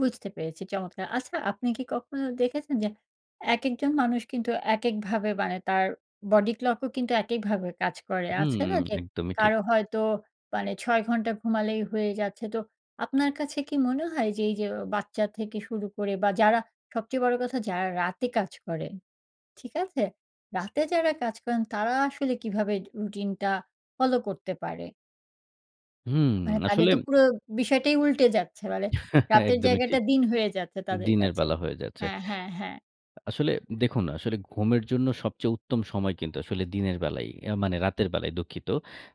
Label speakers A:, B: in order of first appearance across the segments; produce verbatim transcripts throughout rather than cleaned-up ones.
A: বুঝতে পেরেছি, চমৎকার! আচ্ছা আপনি কি কখনো দেখেছেন যে, একেকজন মানুষ কিন্তু এক এককভাবে বানে তার বডি ক্লক ও কিন্তু একেকভাবে কাজ করে।
B: হুম,
A: আছে না যে,
B: একদমই ঠিক।
A: কারো হয়তো মানে ছয় ঘন্টা ঘুমালেই হয়ে যাচ্ছে তো আপনার কাছে কি মনে হয় যে, এই যে, বাচ্চা থেকে শুরু করে বা যারা সবচেয়ে বড় কথা যারা রাতে কাজ করে। ঠিক আছে? রাতে যারা কাজ করেন তারা আসলে কিভাবে রুটিনটা ফলো করতে পারে?
B: হুম,
A: মানে তাদের
B: আসলে
A: তো পুরো বিষয়টাই উল্টে যাচ্ছে মানে রাতের
B: একদমই
A: জায়গাটা
B: ঠিক।
A: দিন হয়ে যাচ্ছে তাদের
B: দিনের
A: কাছে।
B: বেলা হয়ে যাচ্ছে।
A: হ্যা, হ্যাঁ, হ্যা।
B: আসলে দেখুন, আসলে ঘুমের জন্য সবচেয়ে উত্তম সময় কিন্তু আসলে দিনের বেলাই, এ মানে রাতের বেলাই, দুঃখিত।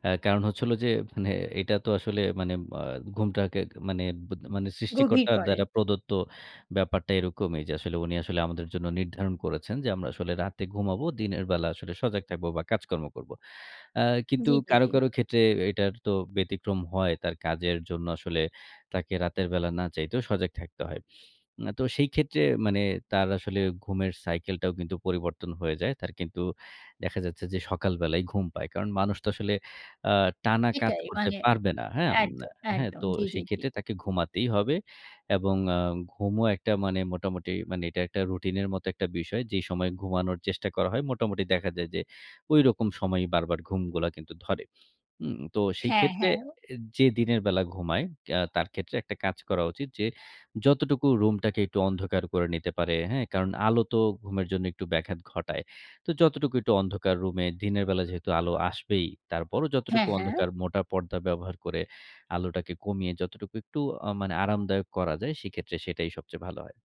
B: অ্যা কারণ হচ্ছে হলো যে, মানে এটা তো আসলে মানে আ ঘুমটাকে মানে ব্য মানে
A: গভীর
B: সৃষ্টিকর্তার
A: করে।
B: দ্বারা প্রদত্ত ব্যাপারটা এরকমই। যে, আসলে উনি আসলে আমাদের জন্য নির্ধারণ করেছেন যে, আমরা আসলে রাতে ঘুমাবো। দিনের বেলা আসলে সজাগ থাকব বা কাজকর্ম করব। অ্যা কিন্তু
A: জি, জি,
B: কারো,
A: জি।
B: কারো ক্ষেত্রে এটার তো ব্যতিক্রম হয় তার কাজের জন্য আসলে তাকে রাতের বেলা না চাইতেও সজাগ থাকতে হয়। অ্যা তো সেই ক্ষেত্রে মানে তার আসলে ঘুমের সাইকেলটাও কিন্তু পরিবর্তন হয়ে যায়। তার কিন্তু দেখা যাচ্ছে, যে, সকাল বেলাই ঘুম পায়। কারণ মানুষ তো আসলে আ টানা কাজ
A: এটাই
B: করতে
A: মানে
B: পারবে না। হ্যাঁম না
A: একদম,
B: হ্যাঁ,
A: একদম
B: তো
A: জি, জি, জি।
B: সেক্ষেত্রে তাকে ঘুমাতেই হবে এবং আ ঘুমও একটা মানে মোটামুটি মানে এটা একটা রুটিনের মতো একটা বিষয়। যেই সময় ঘুমানোর চেষ্টা করা হয় মোটামুটি দেখা যায় যে, ঐরকম সময়েই বারবার ঘুমগুলা কিন্তু ধরে। উম তো সেই
A: হ্যাঁ,
B: ক্ষেত্রে
A: হ্যাঁ। ও
B: অ্যা যে, দিনের বেলা ঘুমায় আ তার ক্ষেত্রে একটা কাজ করা উচিত যে, যতটুকু রুমটাকে একটু অন্ধকার করে নিতে পারে হ্যাঁ, কারণ আলো তো ঘুমের জন্য একটু ব্যাঘাত ঘটায়। তো যতটুকু একটু অন্ধকার রুমে দিনের বেলা যেহেতু আলো আসবেই, তারপরও
A: হ্যাঁ,
B: যতটুকু
A: হ্যাঁ।
B: অন্ধকার মোটা পর্দা ব্যবহার করে আলোটাকে কমিয়ে যতটুকু একটু আ মানে আরামদায়ক করা যায় সেক্ষেত্রে সেটাই সবচেয়ে ভালো হয়।